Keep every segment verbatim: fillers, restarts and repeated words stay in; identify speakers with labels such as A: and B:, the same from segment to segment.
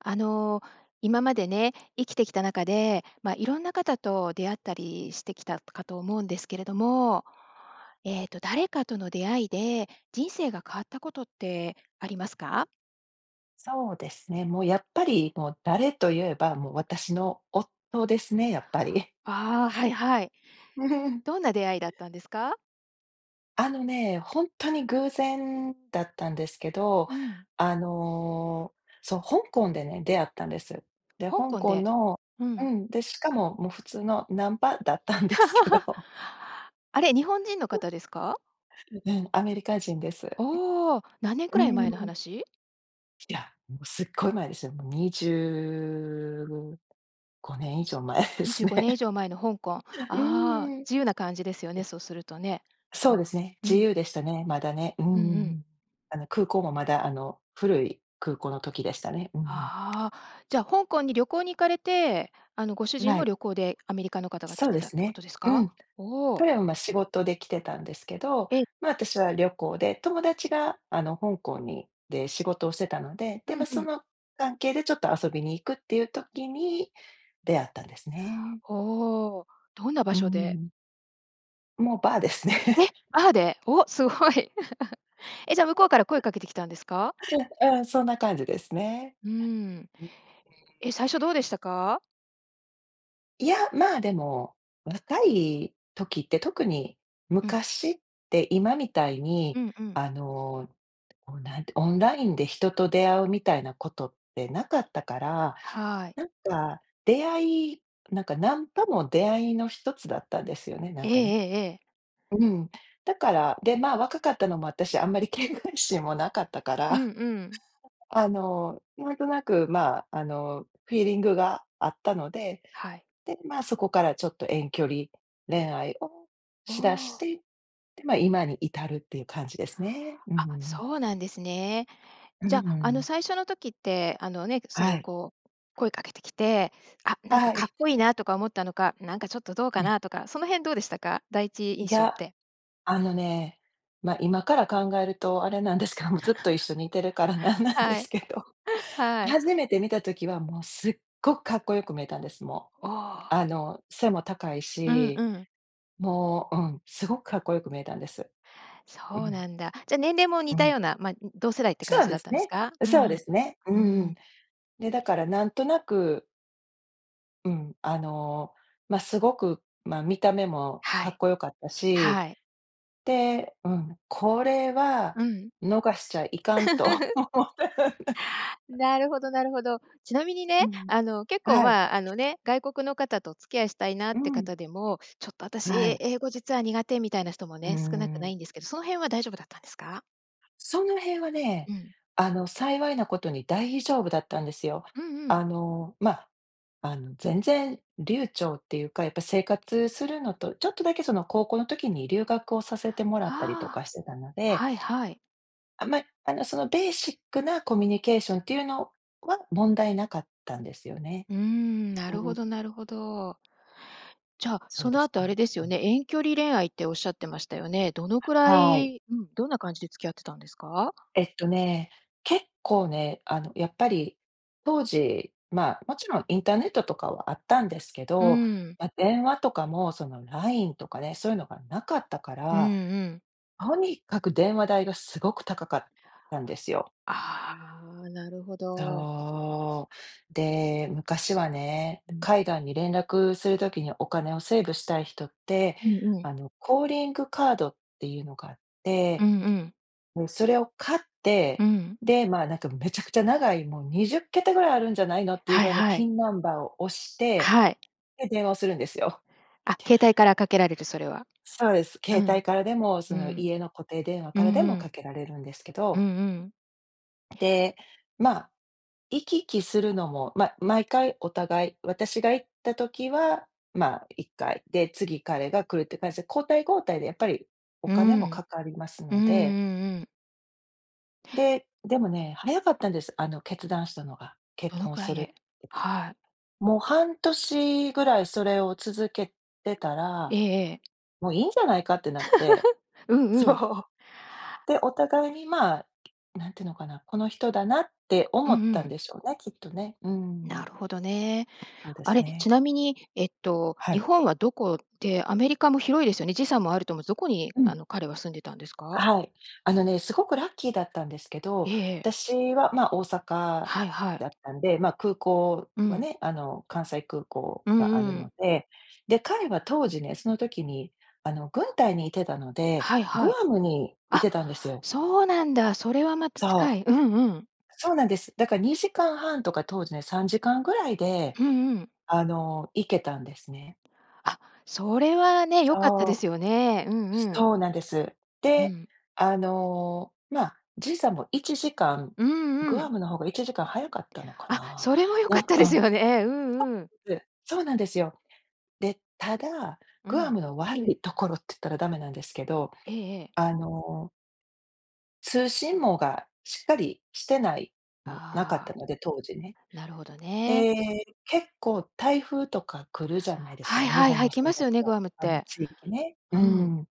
A: あの、今までね、生きてきた中で、ま、いろんな方と出会ったりしてきたかと思うんですけれども、えっと誰かとの出会いで、人生が変わったことってありますか？
B: そうですね、もうやっぱり、もう誰と言えば、もう私の夫ですね、やっぱり。
A: あ、はいはい。どんな出会いだっ たんですか？
B: あのね、ほんとに偶然だったんですけど、
A: うん。
B: あの、そう、香港でね、出会ったんです。で、
A: 香
B: 香
A: 港
B: 港
A: で。
B: の
A: う
B: う
A: ん。
B: ん、で、しかも、もう普通のナンパだったんですけ ど。
A: あれ、日本人の 方ですか？
B: ううん、アメリカ人です。
A: おお、何年く
B: う
A: らい前の
B: ん。
A: 話？
B: ひだ、もうすっごい前ですよ。もうにじゅうごねん以上前で
A: にじ
B: す
A: ゅう
B: ね。
A: ごねん以上前の香港。あ
B: う
A: あ、
B: ん。で
A: 自由な感じですよね、
B: す
A: そうするとね。う
B: そう
A: ん、
B: ですね、
A: う
B: 自
A: ん。
B: 由でしたね、まだね。うん
A: うんう
B: うんう
A: ん。
B: ん。あの空港もまだ、あの、古い空港の時でしたね。うんうん。
A: ああ、じゃ、香港に旅行に行かれて、あの、ご主
B: うん、
A: 人
B: は
A: も
B: い。
A: 旅行で、アメリカの方が来
B: そう
A: て
B: で
A: たっ
B: す
A: てこ
B: ね。
A: とです
B: う
A: か？
B: ん。
A: おお。
B: とやま、仕事で来てたんですけど、
A: ええ。
B: ま、私は旅行で、友達が、あの、香港にで、仕事をしてたので、
A: う
B: で、
A: ん
B: ま、
A: う
B: そ
A: ん。
B: の関係でちょっと遊びに行くっていう時に、出会ったんですね。
A: ほお、どんな場
B: う
A: 所で？
B: ん。もう、バーですね。
A: え、バーで？お、すごい。え、じゃあ向こうから声かけてきたんですか？
B: うん、そんな感じですね。
A: うーん。え、最初どうでしたか？
B: いや、まあ、でも、若い時って、特に
A: うん。
B: 昔って、今みたいに、
A: うんうん。
B: あの、オンなんて、オンラインで人と出会うみたいなことってなかったから、
A: はい。
B: なんか、出会いなんかナンパも出会いのひとつだったんですよね、な
A: え
B: ん
A: え
B: かね。
A: ええええ。
B: ううん。だから、で、ま、若かったのもあったし、あんまり警戒心もなかったか
A: う
B: ら、
A: ん うん。
B: あの、なんとなく、まあ、あの、フィーリングが合ったので。
A: はい。
B: で、ま、そこからちょっと、遠距離恋愛を
A: お
B: しだし
A: お。
B: て、で、ま、今に至るっていう感じですね。うんうん
A: あ、
B: うん。
A: そうなんですね。
B: う
A: じ
B: ん
A: ゃ、
B: う
A: あの、
B: ん。
A: 最初の時って、あの、ね、そ
B: は
A: の、
B: い。
A: こう、声かけてきて、あ、なんか
B: は
A: か
B: い。
A: っこいいなとか思ったのか、なんかちょっとどう
B: う
A: か
B: ん。
A: なとか、その辺どうでしたか？第一印
B: い
A: 象っ
B: や。
A: て。
B: あ
A: う
B: の
A: ん。
B: ね、ま、今から考えると、あれなんですけども、ずっと一緒にいてるからな んなんで
A: はい。
B: すけど、
A: はい。
B: 初めて見た時は、もう、すっごくかっこよく見えたんです、も
A: お
B: う。
A: お。
B: あの、背も高い
A: うんう
B: し、
A: ん。
B: もう、うん、すごくかっこよく見えたんです。う
A: そう
B: ん。
A: なんだ。じゃ年齢も
B: う
A: 似た
B: ん。
A: ような、ま、同世代って感
B: そう
A: じ
B: で
A: だっ
B: す
A: たんです
B: ね。
A: か？うんう
B: そう
A: ん。
B: で
A: う
B: すね。う
A: ー
B: んうん。
A: ん。
B: で、だからなんとなくうん、あの、ま、すごく、ま、見た目も
A: は
B: かっ
A: い、
B: こよかったし、
A: はい。
B: で、うん、「これは
A: うん。
B: 逃しちゃいかん」と 思って。
A: な るほどなるほど。ちなみに
B: う
A: ね、
B: ん、
A: あの結構、
B: はい。
A: ま、あのね、外国の方とお付き合いしたいなっ
B: う
A: て
B: ん。
A: 方でも、「ちょっと
B: は
A: 私、
B: い。
A: 英語実は苦手」みたいな人も
B: うー
A: ね、少なくな
B: ん。
A: いんですけど、その辺は大丈夫だったんですか？
B: その辺はね、
A: うん。
B: あの幸いなことに大丈夫だったんですよ。
A: うんうん。
B: あの、ま、あの全然流暢っていうか、やっぱ生活するのとちょっとだけその、高校の時に留学をさせてもら
A: は
B: ったりとか
A: あ、
B: してたので。
A: はいはい。
B: あんまり、あのそのベーシックなコミュニケーションっていうのは問題なかったんですよね。
A: うーん、な
B: う
A: るほど
B: ん。
A: なるほど。じゃ、
B: そう
A: そ
B: で
A: の
B: す
A: 後あれ
B: ね。
A: です
B: う
A: よ
B: ん。
A: ね、遠距離恋愛っておっしゃってましたよね。どのくら
B: はい。
A: いうん、どんな感じで付き合ってたんですか？
B: えっとね、結構ね、あのやっぱり、当時、ま、もちろんインターネットとかはあったんですけ
A: う
B: ど、
A: ん。
B: ま、電話とかもその LINE とかね、そういうのがなかったか
A: うんう
B: ら、
A: ん。
B: とにかく電話代がすごく高かったんですよ。
A: あ、なるほど。
B: そう。で、昔はね、
A: うん。
B: 海外に連絡するときにお金をセーブしたい人って、
A: うんうん。
B: あのコーリングカードっていうのがあっ
A: う
B: て、
A: んうん。
B: もう、それを買っ
A: う
B: て、
A: ん。
B: で、ま、なんかめちゃくちゃ長いもうにじゅっけたぐらいあるんじゃないのっていう
A: は
B: ぐ
A: い
B: らいの
A: はい。
B: PIN ナンバーを押して、
A: はい。
B: で、電話をするんですよ。
A: あ、携帯からかけられる、それは。
B: そうです。
A: う
B: 携帯
A: ん、
B: からでも、
A: う
B: その
A: ん。
B: 家の固定電話
A: う
B: か
A: ん
B: らで
A: う
B: もか
A: ん。
B: けられるんですけ
A: うん
B: ど。
A: うん。
B: で、ま、行き来するのも、ま、毎回お互い、私が行った時は、ま、いっかいで、次彼が来るっていう感じで交代交代でやっぱりお
A: う
B: 金も
A: ん。
B: かかります
A: うんう
B: の
A: ん
B: で。
A: うん。
B: で、でもね、早かったんです、あの決断したのが。結
A: どの
B: 婚
A: くら
B: す
A: い
B: るって。
A: で はい。
B: もう半年ぐらいそれを続けてた
A: え
B: ら、
A: えええ。
B: 「もういいんじゃないか」ってなっ て。
A: うんう
B: そ
A: ん。
B: う。で、お互いに、ま、何てのかな、この人だなって
A: う
B: 思っ
A: んう
B: たん
A: ん。
B: でしょうね、きっとね。う
A: な
B: ん。
A: るほどね。
B: そうで
A: あ
B: す
A: れ、
B: ね。
A: ちなみに、えっと
B: は
A: 日
B: い。
A: 本はどこで、アメリカも広いですよね、時差もあると思うんす、どこに
B: うん。
A: あの、彼は住んでたんですか？
B: はい。あのね、すごくラッキーだったんですけど、
A: ええええ。
B: 私は、ま、大阪
A: はいはい。
B: だったんで、ま、空港
A: う
B: は
A: ん。
B: ね、あの、関西空港
A: う
B: があ
A: ん
B: る
A: う
B: の
A: ん。
B: で。で、彼は当時ね、その時に、あの、軍隊にいてたので、
A: はい
B: グ
A: はい。
B: アムにい
A: あ、
B: てたんですよ。
A: そうなんだ。それはまた近
B: そう。
A: い。うんうん。
B: そうなんです。だからにじかんはんとか、当時ね、さんじかんぐらいで
A: うんうん。
B: あの、行けたんですね。
A: あ、それはね、良かったで
B: そう。
A: すよね。うんうん。
B: そうなんです。
A: う
B: で、
A: ん。
B: あの、ま、時差もいちじかん。
A: うんう
B: グア
A: ん。
B: ムの方がいちじかん早かったのか
A: あ、
B: な？
A: それは良
B: な
A: かっ
B: ん
A: たです
B: か
A: よね。うんうん。
B: そうです。そうなんですよ。で、ただ、
A: う
B: グア
A: ん。
B: ムの悪いところっつったらダメなんですけど、
A: ええええ。
B: あの通信網がしっかりしてない、むなかった
A: ああ、
B: ので、当時ね。
A: なるほどね。
B: ええ、結構台風とか来るじゃないです
A: は
B: か、
A: い
B: ま、日
A: はい
B: 本
A: はい、行
B: もそ
A: きま
B: う
A: す
B: だ
A: よ
B: け
A: ね、グ
B: ど、
A: アムっ
B: あの
A: て。
B: 地域ね、う
A: うん。
B: ん。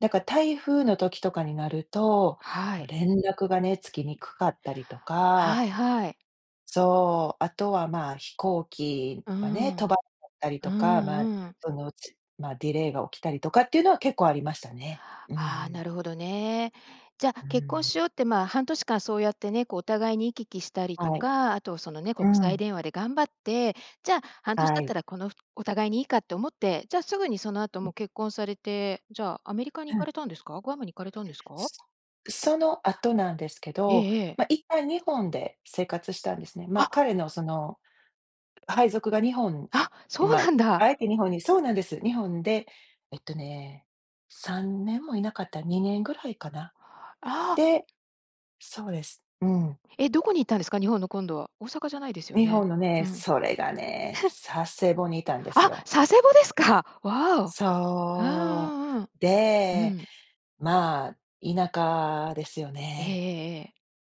B: だか、台風の時とかになると、
A: は
B: ま、
A: い。
B: 連絡がねつきにくかったりとか、
A: はい、はい。
B: そう、あとはまあ、飛行機
A: うー
B: がね、飛
A: ん。
B: ば、かったり
A: う
B: とか、ま、
A: ん、うん。
B: その、ちまあ、ディレイが起きたりとかっていうのは結構ありましたね。うんう
A: ああ、
B: ん。
A: なるほどね。じゃ、
B: う
A: 結婚
B: ん。
A: しようって、まあ、半年間そうやってね、こう、お互いに行き来したり
B: は
A: と
B: い。
A: か、あとそのね、
B: う
A: 国際
B: ん。
A: 電話で頑張って、じゃ、半年
B: は
A: 経った
B: い。
A: らこのふお互いにいいかって思って、じゃ、すぐにそのあ
B: う
A: と
B: う
A: も
B: ん。
A: う結婚されて、じゃあ、アメリカに
B: う
A: 行か
B: ん。
A: れたんですか？グアムに行かれたんですか？
B: すそのあとなんですけ
A: え
B: ど、
A: えええ。
B: ま、一旦日本で生活したんですね。ま、
A: あ！
B: 彼のその配属が日本
A: あ！そう
B: ま、
A: なんだ。
B: あえて日本にそうなんです。日本で、えっとね、さんねんもいなかった、にねんぐらいかな？
A: ああ。
B: でそうです。うん。
A: え、どこに行ったんですか？日本の、今度は。大阪じゃないですよ
B: 日
A: ね？
B: 本の
A: う
B: ね、
A: ん。
B: それがね、佐世保にいたんです
A: あ！
B: よ。
A: 佐世保ですか。わお。う
B: そ
A: ん、うん、うん。
B: う。
A: う
B: で、
A: ん。
B: まあ、田舎ですよ
A: ええ
B: ね。
A: ええええ。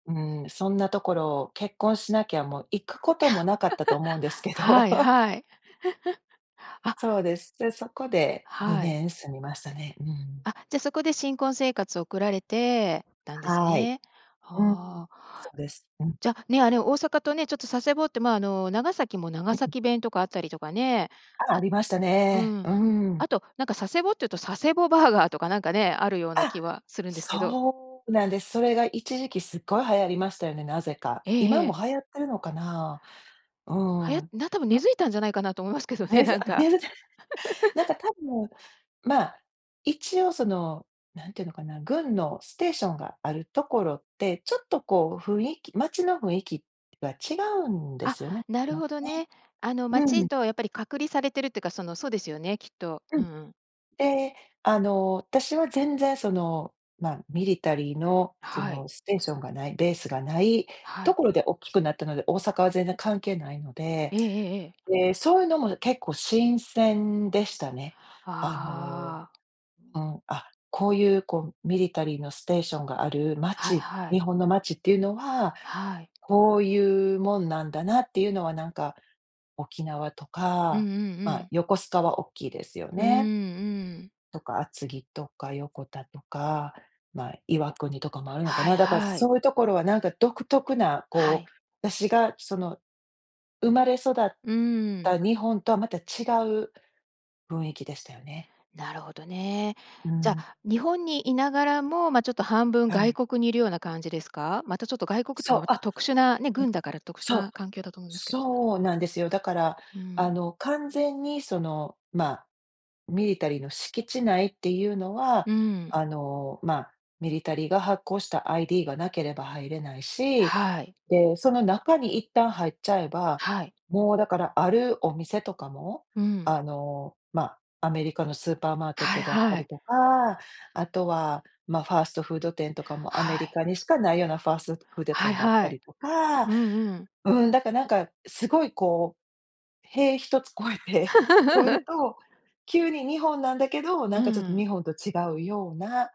B: うん、そんなところ、結婚しなきゃもう行くこともなかったと思うんです け
A: は
B: ど
A: い、はい。あ。
B: そうです。で、そこでに
A: はい。
B: ねん住みましたね。うん。
A: あ、じゃ、そこで新婚生活送られてたんです
B: はい。
A: ね、
B: う
A: は
B: ん。
A: あ。
B: そうです。うん。
A: じゃ、ね、あ、ね、大阪とね、ちょっと佐世保ってまあ、あの、長崎も
B: う
A: 長
B: うん。
A: 崎弁とかあったりとかね、
B: あ、あ
A: あ
B: りました
A: う
B: ね。
A: ん。
B: うん。
A: あとなんか、佐世保っていうと佐世保バーガーとかなんかね、あるような
B: あ！
A: 気はするんですけど
B: そうなんです。それが一時期すっごい流行りましたよね、なぜか。
A: ええ
B: 今
A: え
B: も
A: え。
B: 流行ってるのかな？う
A: はや
B: ん。
A: な、多分根
B: な
A: 付いたんじゃないかなと思いますけどね、
B: ね、そう、
A: なん
B: あ、
A: か。
B: 根付いた。なん か多分、ま、一応その、なんていうのかな、軍のステーションがあるところって、ちょっとこう雰囲気街の雰囲気が違うんで
A: あ、
B: すよね。
A: なる
B: ま、ね。
A: ほどね。あの、
B: う
A: 街
B: ん。
A: とやっぱり隔離されてるっていうか、その、そうですよね、きっと。
B: う
A: うん
B: ん。
A: うん。
B: で、あの、たしは全然その、ま、ミリタリーのそ
A: はい。
B: のステーションがない、ベースがない
A: は
B: と
A: い。
B: ころでおっきくなったので、大阪は全然関係ないので。
A: ええええええ。
B: で、そういうのも結構新鮮でしたね。あの、
A: ああ。
B: うん、あ、こういうこう、ミリタリーのステーションがある
A: はい
B: 街、
A: はい。
B: 日本の街っていうのは
A: はい。
B: こういうもんなんだなっていうのはなんか、沖縄と
A: うんう
B: か、
A: んう
B: ま、
A: ん。
B: 横須賀はおっきいですよ
A: うーんう
B: ね。
A: ーん。
B: とか、厚木とか横田とか、ま、岩国とかもあるのか
A: はい、
B: な？だから
A: はい。
B: そういうところは、なんか独特な、
A: は
B: こ
A: い。
B: う、だしがその、生まれ育っ
A: うーん。
B: た日本とは、また、違う雰囲気でしたよね。
A: なるほどね。
B: う
A: じゃ、
B: ん。
A: 日本にいながらも、ま、ちょっと半分
B: は
A: 外
B: い。
A: 国にいるような感じですか？またちょっと外国とん、
B: そう！
A: また
B: あ、
A: 特殊なね、
B: え、
A: 軍だから特殊
B: そう！
A: な環境だと思うんですけ
B: そうなんですよ。だから、
A: う
B: あ
A: ん。
B: の、完全にその、ま、ミリタリーの敷地内っていうのは、
A: うん。
B: あの、ま、ミリタリーが発行した ID がなければ入れないし、
A: はい。
B: で、その中に一旦入っちゃえば、
A: はい。
B: もうだから、あるお店とかも、
A: うん。
B: あの、ま、アメリカのスーパーマーケッ
A: はい、
B: トであった
A: は
B: り
A: い。
B: とか、あとは、ま、ファーストフード店とかも、アメ
A: は
B: リ
A: い。
B: カにしかないようなファーストフード
A: はい
B: 店があった
A: はい。
B: りとか、
A: うん、うん。
B: うん、だかなんかすごいこう、塀一つ越えて越える と急に、日本なんだけど、
A: う
B: なん
A: んう
B: かちょっと
A: ん。
B: 日本と違うような、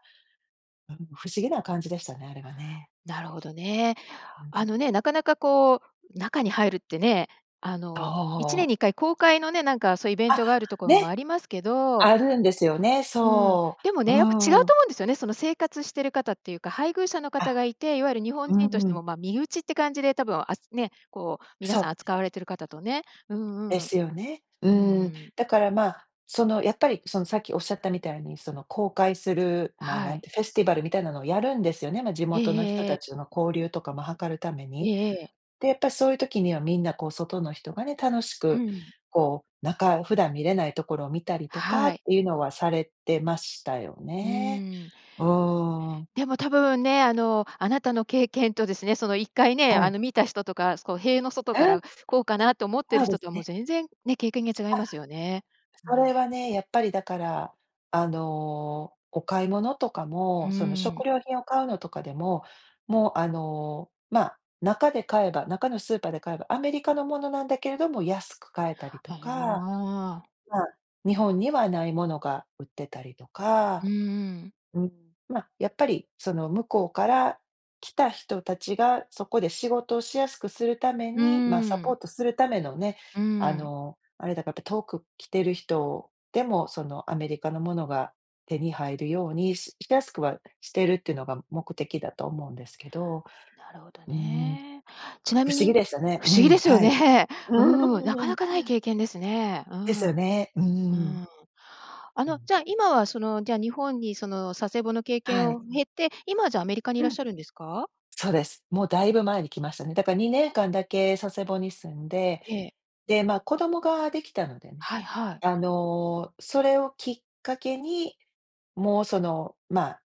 B: うん、不思議な感じでしたね、あれはね。
A: なるほどね。
B: うう
A: あの
B: ん。
A: ね、なかなかこう中に入るってね、あの、いちねん
B: と
A: に
B: う。
A: いっかい公開のね、なんか、そうイベン
B: あ！
A: トがあるところも
B: ね、
A: ありますけど
B: あるんですよね。
A: うん、
B: そ
A: でも
B: う、
A: ね、やっぱ違う
B: うん。
A: と思うんですよね、その、生活してる方っていうか配偶者の方
B: あ、
A: がいて、いわゆる日本
B: う
A: 人と
B: ん
A: し
B: う
A: て
B: ん。
A: も、ま、身内って感じで多分、あつね、こう皆
B: そ
A: さん
B: う。
A: 扱われてる方とね、うん、
B: で
A: うん。
B: すよね、う
A: うんう
B: ん。
A: ん。
B: だから、まあ、その、やっぱりそのさっきおっしゃったみたいに、その、公開するまあ、な
A: は
B: ん
A: い。
B: て、フェスティバルみたいなのをやるんですよね。ま、地
A: えええ
B: 元の人
A: えええ。
B: たちとの交流とかも図るため
A: え
B: に。
A: えええ。
B: で、やっぱそういう時にはみんなこう、外の人がね、楽し
A: う
B: く、
A: ん。
B: こう、中、普段見れないところを見たりとか
A: は
B: っ
A: い。
B: ていうのはされてましたよ
A: う
B: ね、
A: ーん。
B: うん。
A: でも多分ね、あの、あなたの経験とですね、その一回ね、
B: は
A: あ
B: い。
A: の、見た人とか、こう塀の外か
B: うん。
A: ら「こうかな？」と思ってる
B: あで
A: 人
B: す
A: とはもう
B: ね。
A: 全然、ね、経験が違い
B: あ。
A: ますよね。う
B: そ
A: ん。
B: れはね、やっぱりだから、あの、お買い物とか
A: うー
B: も、その、食
A: ん。
B: 料品を買うのとかでも、もう、あの、ま、中で買えば中のスーパーで買えば、アメリカのものなんだけれども安く買えたりと
A: あ
B: か、
A: あ。
B: まあ、日本にはないものが売ってたりとか。
A: うんうん。
B: うん。ま、やっぱりその、向こうから来た人たちが、そこで仕事をしやすくするため
A: うー
B: に、ま、サポー
A: ん。
B: トするためのね、
A: う
B: あ
A: ん。
B: の、あれだかって、遠く来てる人でも、その、アメリカのものが手に入るように、ししやすくはしてるっていうのが目的だと思うんですけど。
A: なるほど
B: うん、
A: ね。ちな
B: 不
A: み
B: 思
A: に
B: 議でしたね。
A: 不
B: う
A: 思議
B: ん。
A: ですよ
B: はい。
A: ね、
B: うー
A: うん、なか
B: ん、う
A: な
B: ん。
A: かない経験ですね、う
B: ですよ
A: ん。
B: ね。う
A: う
B: ん。
A: ん。あ
B: う
A: の、
B: ん。
A: じゃあ、今はその、じゃ、日本にその佐世保の経験
B: はい。
A: を経て、今はじゃ、アメリカにいらっ
B: うん。
A: しゃるんですか？
B: そうです、もうだいぶ前に来ましたね。だからにねんかんだけ佐世保に住んで、
A: ええ。
B: で、まあ、子供ができたのでね、
A: はいはい。
B: あの、それをきっかけに、もう、その、まあ、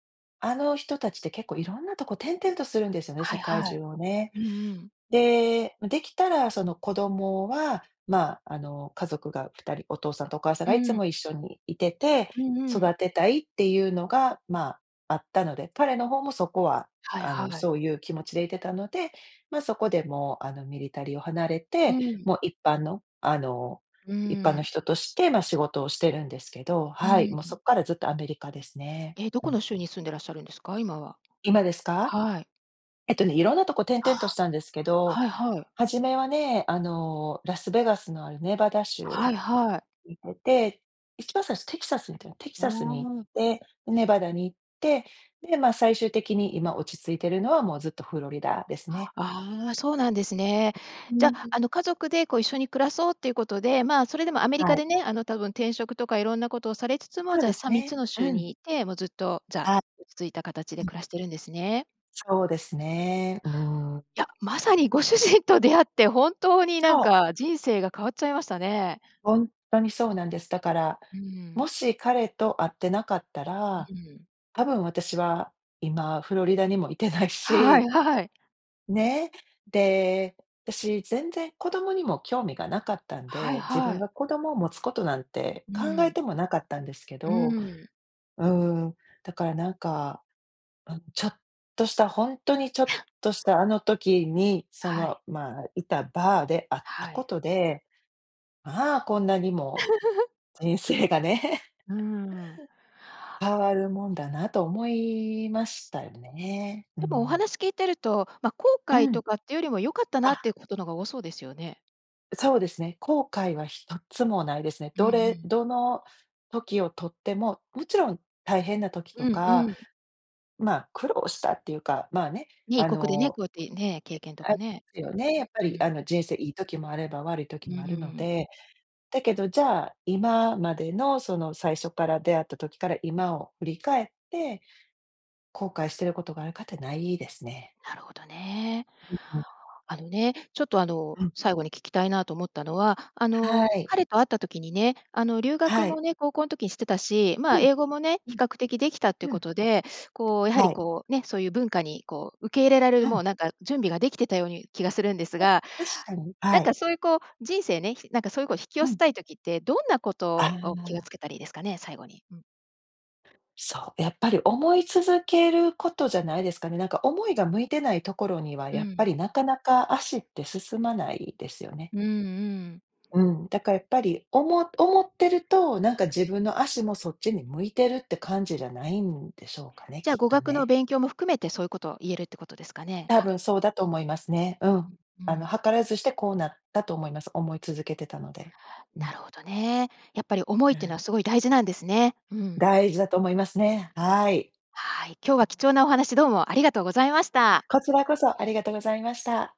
B: あの人たちって結構いろんなとこ転々とするんですよね、
A: は
B: 世
A: い
B: 界
A: は
B: 中
A: い。
B: をね。
A: うんうん。
B: で、ま、できたらその、子供はまあ、あの、家族が二人お父さんとお母さん
A: う
B: がいつ
A: ん。
B: も一緒にいてて、
A: うんうん。
B: 育てたいっていうのが、まあ、あったので、彼の方もそこは
A: はい
B: あの、
A: はい。
B: そういう気持ちでいてたので、ま、そこで、もう、あの、ミリタリーを離れ
A: う
B: て、
A: ん。
B: もう一般の、あの、
A: う
B: 一般の
A: ん。
B: 人として、ま、仕事をしてるんですけど、
A: う
B: は
A: ん、
B: い、
A: う
B: もうそ
A: ん。
B: っからずっとアメリカですね。
A: え、ど
B: う
A: こ
B: ん。
A: の州に住んでらっしゃるんですか？今は。
B: 今ですか？
A: はい。
B: えっとね、いろんなとこ転々とし
A: は。
B: たんですけど、
A: はいはい。
B: 初めはね、あの、ラスベガスのあるネバダ州
A: はいはい。
B: いてて、一番最初テキサスにいた、テキ
A: あ
B: サスに
A: あ。
B: 行って、ネバダに行って、で、まあ、最終的に今落ち着いてるのはもうずっとフロリダですね。
A: ああ、そうなんですね。
B: う
A: じゃ、
B: ん。
A: あの、家族で、こう、一緒に暮らそうっていうことで、まあ、それでもアメリ
B: は
A: カ
B: い。
A: でね、あの、多分転職とかいろんなことをされつつも、
B: そう
A: じ
B: で
A: ゃ、
B: す
A: さみっつ
B: ね、
A: の州
B: うん。
A: にいて、もうずっと、じゃあ、
B: は
A: 落ち着いたかたちで
B: うん。
A: 暮らしてるんですね。
B: そうですね、うん。
A: いや、まさにご主人と出会って、本当にな
B: そ
A: ん
B: う。
A: か人生が変わっちゃいましたね。
B: ほんとにそうなんです。だから、
A: う
B: も
A: ん。
B: し彼と会ってなかったら、
A: うん。
B: たぶん私は今フロリダにもいてない
A: はい、
B: し
A: はい。
B: ね、で、たし、全然子供にも興味がなかったん
A: はい、
B: で、自
A: は
B: 分
A: い。
B: が子供を持つことなんて
A: う
B: 考え
A: ん。
B: てもなかったんですけ
A: う
B: ど。
A: ん。
B: うん。だからなんか、うん、ちょっとした、ほんとにちょっ とした、あの時に、そ
A: は
B: の、
A: い。
B: まあ、いたバーで会った
A: は
B: こ
A: い。
B: とで、まあ、こんなにも、人生がね
A: うー ん。
B: 変わるもんだなと思いましたよね、う
A: でも、お
B: ん。
A: 話聞いてると、ま、後
B: う
A: 悔
B: ん。
A: とかってよりも良かったなっ
B: あ！
A: ていうことのが多そうですよね。
B: そうですね、後悔はひとつもないですね。
A: うんう
B: どれ
A: ん。
B: どの時をとってももちろん大変な時と
A: うんう
B: か、
A: ん。
B: ま、苦労したっていうか、まあね、
A: ね、異
B: あ
A: 国でね、
B: の、
A: こうやってね、経験と
B: え、あ
A: かね。
B: すよね。やっぱ
A: う
B: りあ
A: ん。
B: の、人生いい時もあれば悪い時
A: う
B: もあるの
A: ん。
B: で。だけど、じゃあ、今までのその最初っから、出会った時から今を振り返って、後悔してることがあるかって、無いですね。
A: なるほどね。
B: うんうん。
A: あのね、ちょっとあの、
B: うん。
A: 最後に聞きたいなと思ったのは、あ
B: は
A: の、
B: い。
A: 彼と会った時にね、あの留学
B: は
A: も
B: い。
A: ね、高校の時にしてたし、ま、
B: うん。
A: 英語もね、
B: う
A: 比
B: ん。
A: 較的できたっていう
B: う
A: こ
B: ん。
A: とで、こうやは
B: は
A: り
B: い。
A: こうね、そういう文化にこう、受け入れられ
B: う
A: るもう
B: ん。
A: なんか、準備ができてたように気がするんです
B: あ、
A: が、
B: 確かに、
A: なん
B: はい。
A: かそういうこう、人生ね、ひなんかそういう、こう、引き寄
B: う
A: せ
B: ん。
A: たい時って、どんなこ
B: あ
A: とを気を
B: あ。
A: つけたらいいですかね？最後に。うん。
B: そう、やっぱり思い続けることじゃないですかね。なんか思いが向いてないところには、
A: う
B: やっぱ
A: ん。
B: り、なかなか足って進まないですよね。
A: うんうん。
B: うん。だからやっぱり、おも思ってると、なんか自分の足もそっちに向いてるって感じじゃないんでしょうかね、
A: じゃあ、
B: きっ
A: 語
B: と
A: 学の
B: ね。
A: 勉強も含めてそういうことを言えるってことですかね？
B: 多
A: か
B: 分そうだと思いますね。うん。
A: うんう
B: あの、
A: ん。
B: 図らずしてこうなったと思います。思い続けてたので。う
A: な
B: ん。
A: るほどね。やっぱり、思い
B: は
A: っていうのは
B: い。
A: すごい大事なんですね。うん。
B: 大事だと思いますね、はい。
A: はい。今日は貴重なお話どうもありがとうございました。
B: こちらこそありがとうございました。